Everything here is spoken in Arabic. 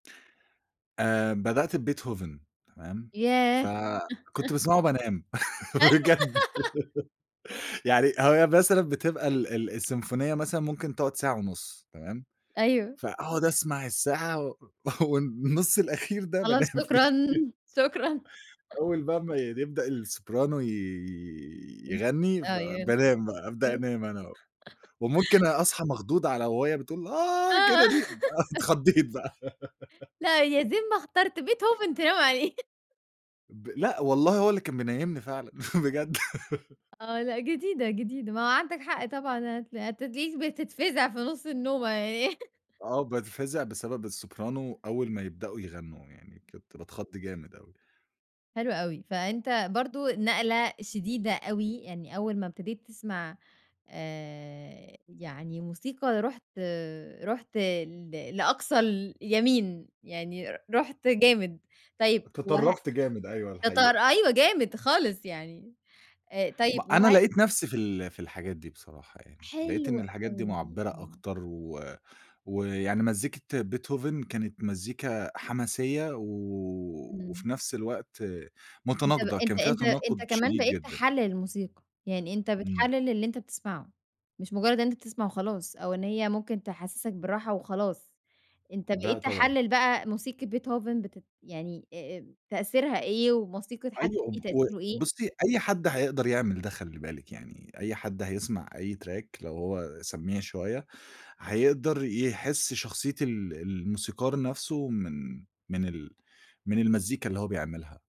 آآ بدأت بBeethoven تمام، ف ياه! كنت باسمعه بانام، بجد يعني هي مثلًا بتبقى ال ال السيمفونية مثلًا ممكن تقعُد ساعة ونُص تمام، أيوه. فأقعُد أسمَع الساعة و والنُّص الأخير ده خلاص بانام فيه شكرًا، شكرًا. أول بقي ما ي يبدأ الSoprano ي يغنّي، [unintelligible] آه يعني، فبانام بقى، أبدأ آه. انام أنا و وممكن أ أصحى مخضوض على وهي بتقول آه آه كده دي ب أنا اتخضّيت بقى لأ يا زين ما اخترت beethoven تنام عليه ب لأ والله هو اللي كان منيّمني فعلًا بجد آه، لأ جديدة، جديدة ما هو عَندك حق طبعًا، هتل هتتلِقيك بتتفزَع في نُص النومة يعني آه وباتفزِع بسبب الSoprano أول ما يبدؤوا يغنّوا، يعني كنت باتخض جامد أوى. حلو أوي، فأنت برضه نقلة شديدة أوي، يعني أول ما ابتديت تسمَع آآ يعني موسيقى رُحت، رُحت ل لأقصى اليمين، يعني ر رُحت جامد، طيب وه تطرّفت جامد، أيوه تتار الحقيقة. أيوه، جامد خالص، يعني آآ، ما طيب أنا وهل لقيت نَفْسي في ال في الحاجات دي بصراحة يعني، لقيت إن حلو الحاجات دي أوي، مُعبِّرة آه. أكتر و ويعني مزّيكة Beethoven كانت مزّيكا حماسيّة و إمم. وفي نَفْس الوقت أنت ب متناقضة، كان أنت فيها أنت تناقُض أنت كمان شديد بقيت جدًا. تحلّل الموسيقى، يعني أنت إمم. بتحلّل اللي أنت بتسمَعه، مش مجرّد إن أنت تسمع وخلاص أو إن هي ممكن تحسِّسك بالراحة وخلاص، أنت لأ بقيت طبعًا. تحلّل بقى موسيقة beethoven بتت يعني أ أم تأثيرها إيه، وموسيقة حد أيوه وب تاني و تأثيره إيه؟ بُصّي أي حد هيقدَر يعمل ده خلّي بالِك يعني، أي حد هيسمع أي track لو هو سمّيع شوية هيقدَر يحس شخصية ال الموسيقار نَفْسه من، من ال من المزّيكا اللي هو بيعملها.